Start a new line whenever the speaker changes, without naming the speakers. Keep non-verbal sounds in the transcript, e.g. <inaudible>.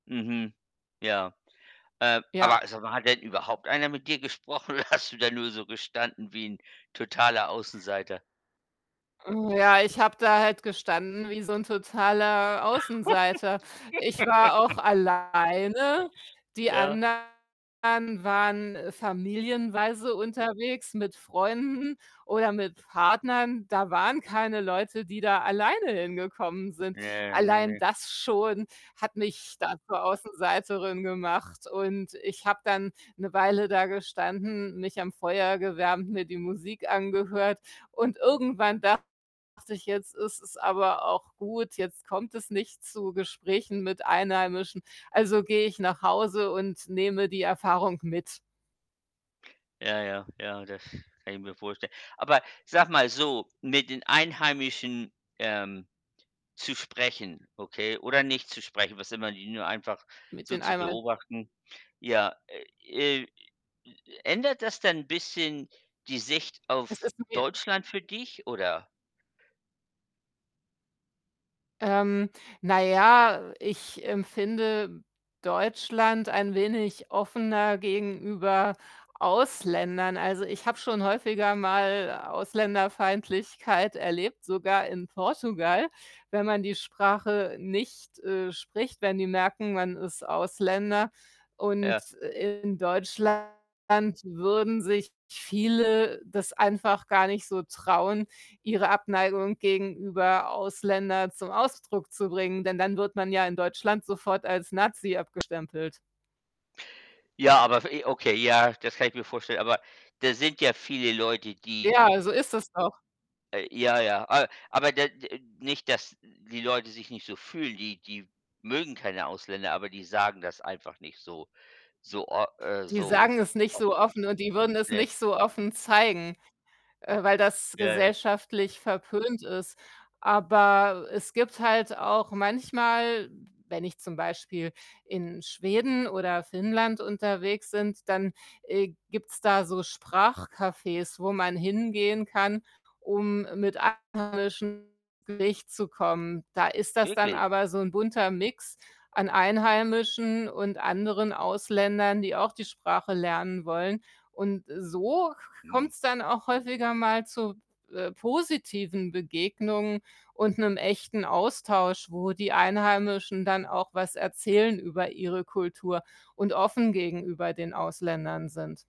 Mhm. Ja. Äh, aber,
Ja.
also, man hat überhaupt einer mit dir gesprochen oder hast du da nur so gestanden wie 'n totaler Außenseiter?
Hm, ja, ich habe da halt gestanden wie so 'n totaler Außenseiter. Ich war
<laughs>
auch alleine. Die
Ja.
anderen waren familienweise unterwegs mit Freunden oder mit Partnern. Da waren keine Leute, die da alleine hingekommen sind.
Ja, ne,
Allein
ne.
das schon hat mich da zur Außenseiterin gemacht und ich habe dann 'ne Weile da gestanden, mich am Feuer gewärmt, mir die Musik angehört und irgendwann dachte ich: „Jetzt ist es aber auch gut. Jetzt kommt es nicht zu Gesprächen mit Einheimischen, also, gehe ich nach Hause und nehme die Erfahrung mit.“
Ja, ja, ja, das kann ich mir vorstellen. Aber sag mal so, mit den Einheimischen, ähm, zu sprechen, okay, oder nicht zu sprechen, was immer die nur einfach
Mit
so
den.
zu
<unintelligible>
beobachten. Ja, äh, äh, ändert das dann bisschen die Sicht
Es
auf
ist mir
Deutschland für dich oder?
Ähm, na ja, ich empfinde Deutschland ein wenig offener gegenüber Ausländern. Also, ich habe schon häufiger mal Ausländerfeindlichkeit erlebt, sogar in Portugal, wenn man die Sprache nicht, äh, spricht, wenn die merken, man ist Ausländer
Ja.
und in Deutschland würden sich viele das einfach gar nicht so trauen, ihre Abneigung gegenüber Ausländer zum Ausdruck zu bringen, denn dann wird man ja in Deutschland sofort als Nazi abgestempelt.
Ja, aber, <unintelligible> äh okay, ja, das kann ich mir vorstellen aber da sind ja viele Leute, die
Ja, so ist das auch.
äh ja, ja, äh, aber da nicht, dass die Leute sich nicht so fühlen, die die mögen keine Ausländer, aber die sagen das einfach nicht so, so o äh,
Die
so
sagen es nicht so
offen,
offen und die würden es
ne?
nicht so offen zeigen, äh, weil das
Ja, ja.
gesellschaftlich verpönt ist. Aber es gibt halt auch manchmal, wenn ich zum Beispiel in Schweden oder Finnland unterwegs sind, dann, äh, gibt's da so Sprachcafés, wo man hingehen kann, um mit Einheimischen ins Gespräch zu kommen. Da ist das dann
Wirklich?
aber so 'n bunter Mix an Einheimischen und anderen Ausländern, die auch die Sprache lernen wollen und so k
Hm.
kommt's dann auch häufiger mal zu, äh, positiven Begegnungen und 'nem echten Austausch, wo die Einheimischen dann auch was erzählen über ihre Kultur und offen gegenüber den Ausländern sind.